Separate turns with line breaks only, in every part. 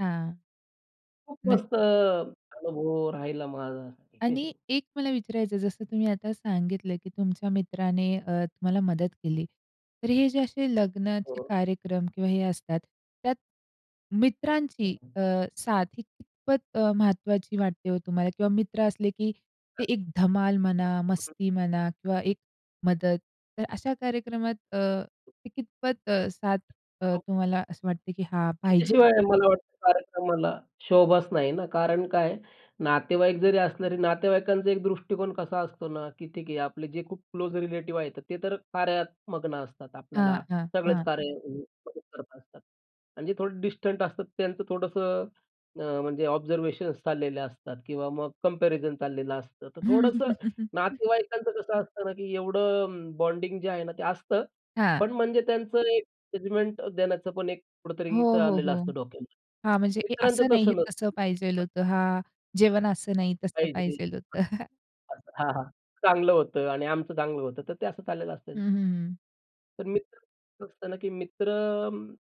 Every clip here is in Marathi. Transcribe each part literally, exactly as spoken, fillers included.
हां.
खूप
नक
मस्त अ, अनुभव राहिला माझा.
आणि एक मला विचारायचं जसं तुम्ही आता सांगितलं, की तुमच्या मित्राने अ, तुम्हाला मदत केली. तर हे जे असे लग्नाचे
हो.
कार्यक्रम किंवा हे असतात. त्यात मित्रांची अ, साथ ही कितपत अ, महत्वाची वाटते हो तुम्हाला? किंवा मित्र असले, की ते एक धमाल म्हणा मस्ती म्हणा किंवा एक मदत, तर अशा कार्यक्रमात अ, ते कितपत अ, साथ अ,
खूप.
तुम्हाला असं वाटते, की हा पाहिजे?
त्याच्याशिवाय मला वाटतं कार्यक्रमाला शोभाच नाही ना, कारण काय आहे? नातेवाईक जरी असले तरी नातेवाईकांचा एक दृष्टिकोन कसा असतो ना, की ठीक आहे आपले जे खूप क्लोज रिलेटिव्ह आहेत, ते तर कार्यात मग्न असतात
हां,
आपल्याला.
हां,
सगळेच
हां.
कार्यामध्ये मदत करत असतात. आणि जे थोडे डिस्टंट असतात, त्यांचं थोडंसं अ, म्हणजे ऑब्झर्वेशन्स चाललेले असतात किंवा मग कंपॅरिझन चाललेलं असतं. तर थोडंसं नातेवाईकांचं कसं असतं ना, की एवढं म बॉन्डिंग जे आहे ना, ते असतं.
हां.
पण म्हणजे त्यांचं एक जजमेंट अ, देण्याचं पण एक कुठेतरी
हो, हो,
चालेलं
हो.
असतं
हां, म्हणजे
डोक्यामध्ये
अ,
मित्रांचं
असं नाही,
तसं
तसं पाहिजेल
नसतं.
होतं. हां, जेवण असं नाही तसं
पाहिजे हं,
पाहिजेल होतं.
अस हां, हां चांगलं होतं आणि आमचं चांगलं होतं. तर ते असं चाललेलं असतं.
हं, हं, हं.
तर मित्रांचं कसं असत ना, की मित्र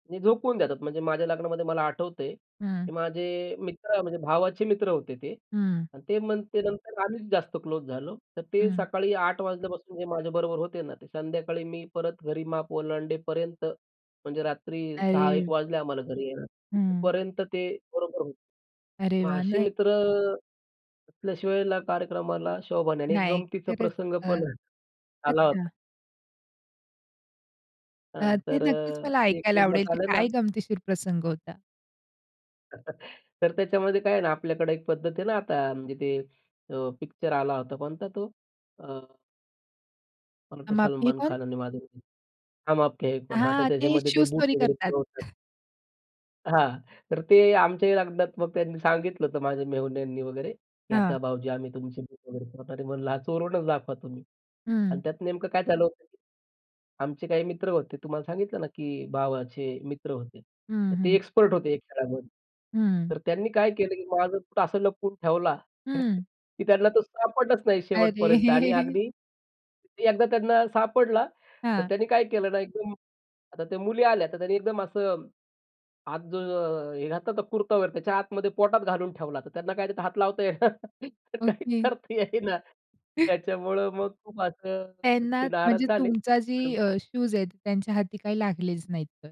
म झोकवून देतात म्हणजे माझ्या लग्नामध्ये मला आठवतंय,
हं.
की माझे मित्र म्हणजे भावाचे मित्र होते ते.
हं.
आणि ते मग ते नंतर आम्हीच जास्तच क्लोज झालो. तर ते
हं.
सकाळी आठ वाजल्यापासून जे माझ्याबरोबर होते ना, ते संध्याकाळी मी परत घरी माप ओलांडेपर्यंत म्हणजे रात्री सहा एक
अरे.
वाजल्या आम्हाला घरी यायला.
हं.
तिथंपर्यंत ते बरोबर होते.
अरे
मग
वाह!
अशी
नाह
मित्र अ, असल्याशिवाय ला कार्यक्रमाला शोभा नाही आणि एक
नाही,
गमतीचा
खरच
प्रसंग
अ,
पण आहे, आला होता
अच्छा. अ,
हां.
ते
तर
नक्कीच
अ,
मला
एक
ऐकायला आवडेल,
[unintelligible]
ते
आलेला.
काय गमतीशीर प्रसंग होता?
तर त्याच्यामध्ये काय आहे ना, आपल्याकडे एक पद्धत आहे ना, आता म्हणजे ते अ, पिक्चर आला होता. कोणता तो? अ मला वाटतं
हम आपके हैं
सलमान
कोन?
खान आणि माधुरी दीक्षित "हम आपके है कोन". हां. तर
हां, ते
त्याच्यामध्ये ते
शूज
बूट
चोरी
वगैरे
करतात.
चोरतात. हां. तर ते आमच्याही लग्नात मग त्यांनी सांगितलं होतं माझ्या मेहुण्यांनी वगैरे, की
हां.
"आता भाऊजी आम्ही तुमची बूट वगैरे चोरणार आहे." म्हणलं, "चोरूनच दाखवा तुम्ही."
हं.
आणि त्यात नेमकं काय झाल होतं. आमचे काही मित्र होते. तुम्हाला सांगितलं ना, की भावाचे मित्र होते.
हं,
तर ते
हं.
एक्सपर्ट होते या खेळामध्ये.
हं.
तर त्यांनी काय केलं, की माझं बूट असं लपवून ठेवला,
हं.
की त्यांना तो सापडलाच नाही
अरे.
शेवटपर्यंत आणि अगदी ते एकदा त्यांना सापडला, तर
हां.
त्यांनी काय केलं ना, एकदम आता त्या मुली आल्या, तर त्यांनी एकदम असं आत जो अ, हे घातला होता कुर्ता वगैरे, त्याच्या आतमध्ये पोटात घालून ठेवला. तर त्यांना काय त्यात हात लावता येईना. तर काहीच
ओके.
करता येईना. त्याच्यामुळं मग खूप असं
त्यांना
ते
म्हणजे
नाराज झाले.
तुमचा जी
आणि मग
अ, शूज आहेत, त्यांच्या हाती काही लागलेच नाहीत तर.